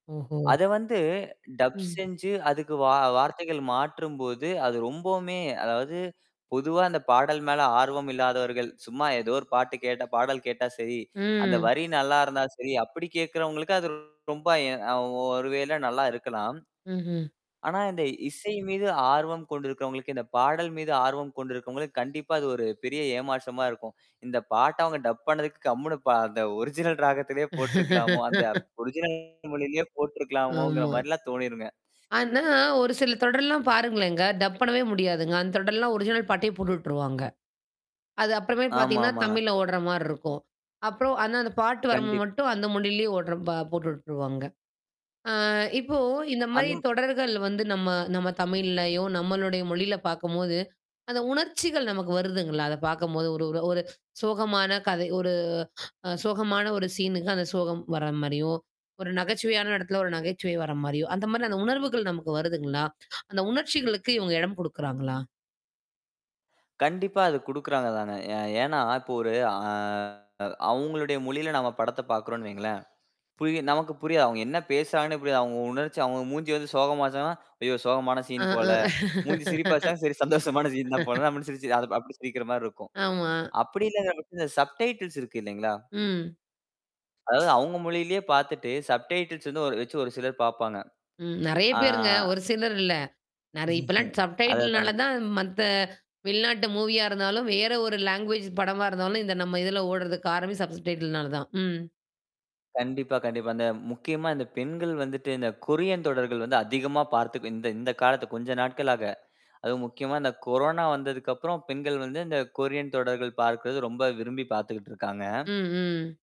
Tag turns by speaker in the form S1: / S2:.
S1: ஓஹோ.
S2: அத வந்து டப்
S1: ம்.
S2: செஞ்சு அதுக்கு வா வார்த்தைகள் மாற்றும்போது அது ரொம்போமே அதாவது பொதுவா அந்தப் பாடல் மேல ஆர்வம் இல்லாதவர்கள் சும்மா ஏதோ ஒரு பாட்டு கேட்டா பாடல் கேட்டா சரி. அந்த
S1: ம்.
S2: வரி நல்லா இருந்தா சரி, அப்படி கேட்கிறவங்களுக்கு, அது ரொம்ப எ அ ஒ ஒருவேளை நல்லா இருக்கலாம்.
S1: ம்ஹ்ம்.
S2: ஆனா இந்த இசை மீது ஆர்வம் கொண்டிருக்கிறவங்களுக்கு, இந்தப் பாடல் மீது ஆர்வம் கொண்டிருக்கிறவங்களுக்கு, கண்டிப்பா அது ஒரு பெரிய ஏமாற்றமா இருக்கும். இந்தப் பாட்ட அவுங்க டப் பண்ணதுக்கு கம்முனு பா அந்த ஒரிஜினல் ராகத்திலேயே போட்டிருக்கலாமோ? அந்த ஒரிஜினல் மொழியிலேயே போட்டிருக்கலாமோங்கிற
S1: ஆமா.
S2: மாரி எல்லாம் தோணிருங்க.
S1: ஆனா, ஒரு சில தொடர்லாம் பாருங்களேன்ங்க. டப் பண்ணவே முடியாதுங்க. அந்தத் தொடர் எல்லாம் ஒரிஜினல் பாட்டையே போட்டுட்ருவாங்க. அது அப்புறமே
S2: ஆமா,
S1: பாத்தீங்கன்னா
S2: ஆமாங்க.
S1: தமிழ்ல ஓட்ற மாரி இருக்கும். அப்றோம், ஆனா அந்தப் பாட்டு வரும்போது
S2: கண்டிப்.
S1: மட்டும் அந்த மொழியிலேயே ஓட்ற பா போட்டுட்ருவாங்க. ஆ, இப்போ இந்த மாதிரி
S2: அந்த
S1: தொடர்கள் வந்து நம்ம நம்ம தமிழ்லயோ நம்மளுடைய மொழியில பார்க்கும்போது, அந்த உணர்ச்சிகள் நமக்கு வருதுங்களா? அதைப் பார்க்கும்போது, ஒரு ஒரு சோகமான கதை, ஒரு சோகமான, ஒரு சீன் அந்தச் சோகம் வர்ற மாரியும், ஒரு நகைச்சுவையான இடத்துல ஒரு நகைச்சுவை வர்ற மாரியும் அந்த மாரி அந்த உணர்வுகள் நமக்கு வருதுங்களா? அந்த உணர்ச்சிகளுக்கு இவங்க இடம் கொடுக்கறாங்களா?
S2: கண்டிப்பா அது குடுக்கிறாங்க தானே. எ ஏன்னா இப்போ ஒரு அ அவங்களுடைய மொழியில நாம படத்த பாக்குறோம்னு வைங்களேன். புரியும், நமக்கு புரியும். அவங்க என்ன பேசுறாங்கன்னு புரியும். அவங்க உணர்ச்சி, அவங்க மூஞ்சி வந்து சோகமாச்சுன்னா, ஐயோ சோகமான
S1: அ
S2: சீன் போல.
S1: அ.
S2: மூஞ்சி சிரிப்பாச்சுன்னா, சரி சந்தோஷமான சீன் தான் போல அப்படின்னு சிரிச்சு அது அப்படி சிரிக்கிற மாரி இருக்கும்.
S1: ஆமா.
S2: அப்படி இல்லாங்கற பட்ச்ச இந்த சப்டைட்டில்ஸ் இருக்கு இல்லீங்களா?
S1: ம்.
S2: அதாவது அவங்க மொழியிலேயே பாத்துட்டு, சப்டைட்டில்ஸ் ஒரு வெச்சு ஒரு சிலர் பார்ப்பாங்க.
S1: ம். நெறைய
S2: ஆ.
S1: பேருங்க. ஒரு சிலர் இல்ல. நெறை இப்பெல்லாம் சப்டைட்டில்னால
S2: அதேதாங்க.
S1: தான் மத்த வெளிநாட்டு மூவியா இருந்தாலும் வேற ஒரு லாங்வேஜ் படமா இருந்தாலும் இந்த நம்ம இதுல ஓடுறதுக் காரணம் சப்டைட்டில்னால தான். ம்.
S2: கண்டிப்பா, கண்டிப்பா. இந்த முக்கியமா இந்த பெண்கள் வந்துட்டு இந்தக் கொரியன் தொடர்கள் வந்து அதிகமா பார்த்து இந்த இந்தக் காலத்து கொஞ்ச நாட்களாக. அதுவும் முக்கியமா இந்தக் கொரோனா வந்ததுக்கப்புறம் பெண்கள் வந்து இந்தக் கொரியன் தொடர்கள் பார்க்குறது ரொம்ப விரும்பிப் பார்த்துட்டு
S1: ம்.
S2: இருக்காங்க.
S1: ம்.